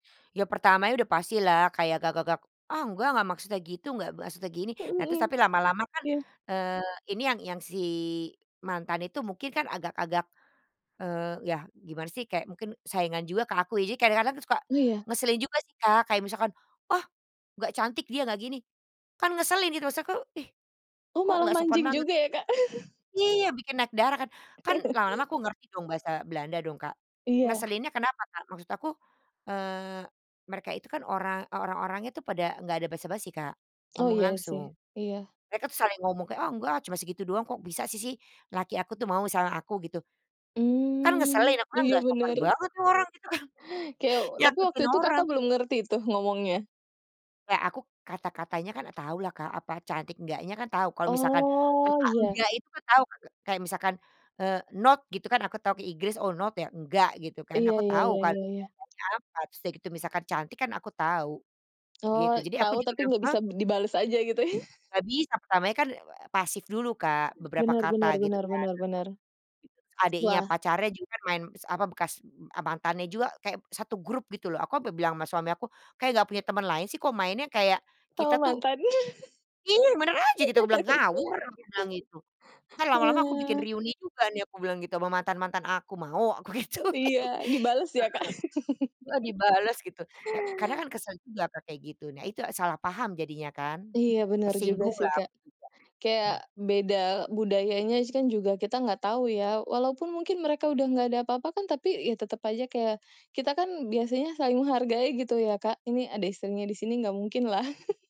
Ya pertamanya udah pastilah kayak agak-agak, "Ah, nggak! Nggak maksudnya gitu, nggak maksudnya gini". Nah Mhm. terus tapi lama-lama kan, Iya. eee, ini yang yang si, mantan itu mungkin kan agak-agak, eee, ya gimana sih, kayak mungkin saingan juga ke aku ya. Jadi kadang-kadang suka, Iya. ngeselin juga sih Kak. Kayak misalkan, "ah, nggak cantik dia, nggak gini" kan ngeselin gitu, maksud aku "ih, Oh kok malah nggak sopan mancing banget". juga ya Kak. Iya, bikin naik darah kan, kan lama-lama aku ngerti dong bahasa Belanda dong Kak. Iya. Ngeselinnya kenapa Kak, maksud aku, eee, mereka itu kan orang, orang-orang itu pada nggak ada basa-basi Kak, Oh ngomong iya langsung. sih. Iya. Mereka saling ngomong kayak, "ah nggak, cuma segitu doang" kok bisa si sih laki aku tuh mau sama aku, gitu. Kan ngeselin, Mhm. aku kan Iya nggak sopan benar. banget tuh orang, gitu kan, Keyo tapi waktu nyakitin itu orang. Kakak belum ngerti tuh, ngomongnya? Kayak aku, kata-katanya kan tahu lah Kak. Apa, cantik enggaknya kan tahu. Kalau misalkan Oh, kata iya. enggak itu tahu Kak. Kayak misalkan, e not, gitu kan aku tahu ke Inggris, "Oh, not ya enggak" gitu kan. Iya, Aku ya tahu ya kan,, ya ya. [unintelligible] terus udah gitu misalkan cantik kan aku tahu, gitu. Oh, Jadi, aku tahu juga tapi bilang, nggak "Ha?" bisa dibales aja gitu ya? Nggak bisa, pertamanya kan, e ew pasif dulu Kak. Beberapa Benar kata benar gitu benar kan, benar benar. terus adiknya Wah. pacarnya juga main, se apa bekas mantannya juga kayak, 1 grup gitu loh. Aku sampai bilang sama suami aku, "Kayak nggak punya teman lain sih?" Kok mainnya kayak Sama kita tuh mantan. Iya! Yang benar aja gitu, aku bilang "ngawur" aku bilang gitu. "Ntar lama-lama aku bikin Wah. reuni juga nih" aku bilang gitu, "sama mantan-mantan aku, mau?" aku gituin. Iya. Dibalas ya Kak. Heeh, e dibales, gitu. Ya, karena kan kesel juga Kak, kayak gitu. Nah itu, salah paham jadinya kan. Iya benar juga Tersinggung sih lah Kak. aku juga, mmm. Kayak, beda budayanya juga, kan kita nggak tahu ya. Walaupun mungkin mereka udah nggak ada apa-apa, kan tapi ya tetap aja kayak, kita kan, biasanya saling menghargai gitu ya Kak, ini ada istrinya di sini, nggak mungkin lah.